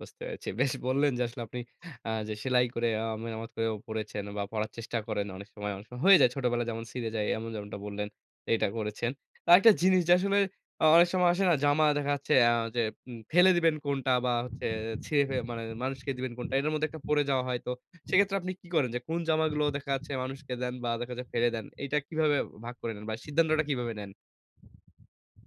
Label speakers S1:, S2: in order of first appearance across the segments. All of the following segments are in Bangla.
S1: বুঝতে পেরেছি। বেশ বললেন যে আসলে আপনি আ যে "সেলাই করে আ মেরামত করে পড়েছেন বা, পড়ার চেষ্টা করেন অনেক সময় অনেক সময় হয়ে যায় ছোটবেলায় যেমন ছিঁড়ে যায় এমন যেমনটা বললেন এটা করেছেন।" আরেকটা জিনিস যে আসলে আ অনেক সময় আসে না জামা দেখা যাচ্ছে আ যে উম ফেলে দিবেন কোনটা বা, হচ্ছে ছিঁড়ে ফেলে মানে মানুষকে দিবেন কোনটা? এটার মধ্যে একটা পড়ে যাওয়া হয় তো সেক্ষেত্রে আপনি কি করেন যে কোন জামাগুলো দেখা যাচ্ছে মানুষকে দেন বা দেখা যায় ফেলে দেন? এইটা কিভাবে ভাগ করে নেন বা, সিদ্ধান্তটা কিভাবে নেন?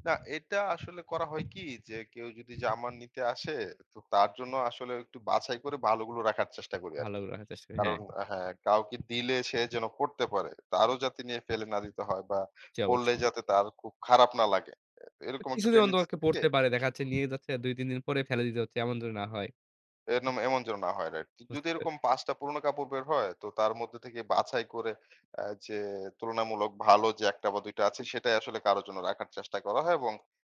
S2: না এটা আসলে করা হয় কি যে, কেউ যদি জামা নিতে আসে তো তার জন্য আসলে একটু বাছাই করে ভালো গুলো রাখার চেষ্টা করি
S1: ভালো
S2: আরকি।
S1: রাখার চেষ্টা, হ্যা।
S2: কারণ হ্যা, কাউকে দিলে সে যেন পড়তে পারে। তারও যাতে নিয়ে ফেলে না দিতে হয় বা,
S1: জ্বি,
S2: পড়লে
S1: অবশ্যই।
S2: যাতে তার খুব খারাপ না লাগে। এরকম একটা
S1: কিছুদিন অন্তত
S2: tendency
S1: পক্ষে
S2: থাকে।
S1: পড়তে পারে দেখাচ্ছে নিয়ে যাচ্ছে ২-৩ দিন পরে ফেলে দিতে হচ্ছে, এমন যদি না হয়।
S2: এনম এমন যেন না হয়, রাইট।
S1: বুঝতে
S2: যদি
S1: পেরেছি।
S2: এরকম ৫ টা পুরোনো কাপড় বের হয় তো, তার মধ্যে থেকে বাছাই করে আ যে তুলনামূলক ভালো যে ১ টা বা, ২ টা আছে সেটাই আসলে কারো জন্য রাখার চেষ্টা করা হয় এবং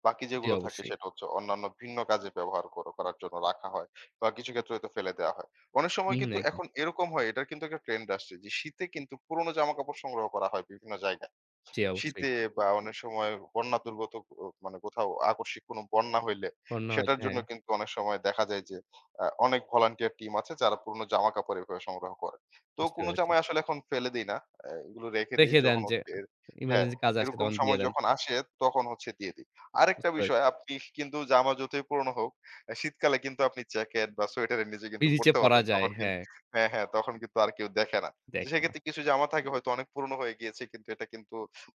S2: বাকি
S1: জ্বি,
S2: যেগুলো থাকে
S1: অবশ্যই।
S2: সেটা হচ্ছে অন্যান্য ভিন্ন কাজে ব্যবহার করে করার জন্য রাখা হয় বা, কিছু ক্ষেত্রে হয়তো ফেলে দেয়া হয়। অনেক সময়
S1: হুম, হুম,
S2: কিন্তু
S1: একদম।
S2: এখন এরকম হয় এটার কিন্তু একটা ট্রেন্ড আসছে যে শীতে কিন্তু পুরোনো জামাকাপড় সংগ্রহ করা হয় বিভিন্ন জায়গায়।
S1: জ্বি, অবশ্যই।
S2: শীতে বা, অনেক সময় বন্যা দুর্গত ও মানে কোথাও আকস্মিক কোন বন্যা হইলে,
S1: বন্যা
S2: সেটার
S1: হয়েছে,
S2: জন্য
S1: হ্যা।
S2: কিন্তু অনেক সময় দেখা যায় যে আ অনেক volunteer team আছে যারা পুরোনো জামা কাপড় এভাবে সংগ্রহ করে। তো
S1: বুঝতে
S2: কোন
S1: পেরেছি।
S2: জামাই আসলে এখন ফেলে দেই না আ এগুলো রেখে দেই
S1: রেখে দেন,
S2: যখন
S1: যে এ
S2: [unintelligible]
S1: এ
S2: হ্যা,
S1: এমার্জেন্সি কাজে আসে
S2: এরকম
S1: তখন দিয়ে
S2: সময়
S1: দেন।
S2: যখন আসে তখন হচ্ছে দিয়ে দেই। আরেকটা
S1: বুঝতে
S2: বিষয়
S1: পেরেছি।
S2: আপনি কিন্তু জামা যতই পুরোনো হোক, আ শীতকালে কিন্তু আপনি জ্যাকেট বা সোয়েটারের নিচে
S1: নিজ ইচ্ছায়
S2: পড়তে
S1: পরা
S2: পারবেন
S1: যায়,
S2: তখন
S1: হ্যা।
S2: কিন্তু হ্যা, হ্যা, তখন কিন্তু আর কেউ দেখে না। তো
S1: দেখে না।
S2: সেক্ষেত্রে কিছু জামা থাকে হয়তো অনেক পুরনো হয়ে গিয়েছে কিন্তু এটা কিন্তু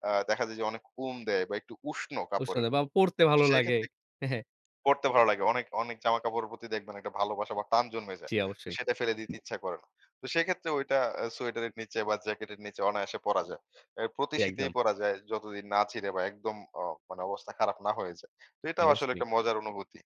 S2: আ দেখা যায় যে অনেক ওম দেয় বা, একটু উষ্ণ
S1: ওর
S2: কাপড়ের।
S1: সাথে বা পড়তে ভালো লাগে।
S2: সেক্ষেত্রে পড়তে ভালো লাগে। অনেক অনেক জামাকাপড়ের প্রতি দেখবেন একটা ভালোবাসা বা, টান জন্মে যায়।
S1: জ্বি,
S2: তো
S1: অবশ্যই।
S2: সেটা ফেলে দিতে ইচ্ছা করে না। তো সেক্ষেত্রে ওইটা সোয়েটারের নিচে বা, জ্যাকেটের নিচে অনায়াসে পরা যায়। আ প্রতি
S1: জি,
S2: শীতেই
S1: একদম।
S2: পরা যায় যতদিন না ছিঁড়ে বা, একদম আ মানে অবস্থা খারাপ না হয়ে যায়, তো
S1: জি,
S2: এটাও আসলে
S1: অবশ্যই।
S2: একটা মজার অনুভূতি।